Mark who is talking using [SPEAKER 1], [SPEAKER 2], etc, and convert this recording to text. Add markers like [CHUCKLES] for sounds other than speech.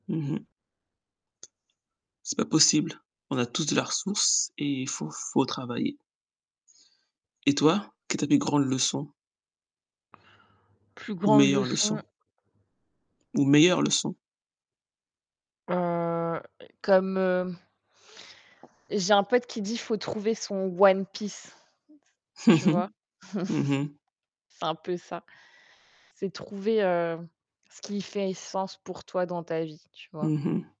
[SPEAKER 1] Mmh mh. C'est pas possible. On a tous de la ressource et il faut faut travailler. Et toi, quelle est ta plus grande leçon?
[SPEAKER 2] [INHALES] Plus
[SPEAKER 1] Ou
[SPEAKER 2] grande
[SPEAKER 1] meilleure leçon?
[SPEAKER 2] leçon
[SPEAKER 1] Ou meilleure leçon?
[SPEAKER 2] heu, comme, heu j'ai un pote qui dit, faut trouver son One Piece. Tu vois? [CHUCKLES]
[SPEAKER 1] [CHUCKLES] Mmh mh.
[SPEAKER 2] C'est un peu ça. C'est trouver, heu, ce qui fait sens pour toi dans ta vie, tu vois?
[SPEAKER 1] Mmh mh.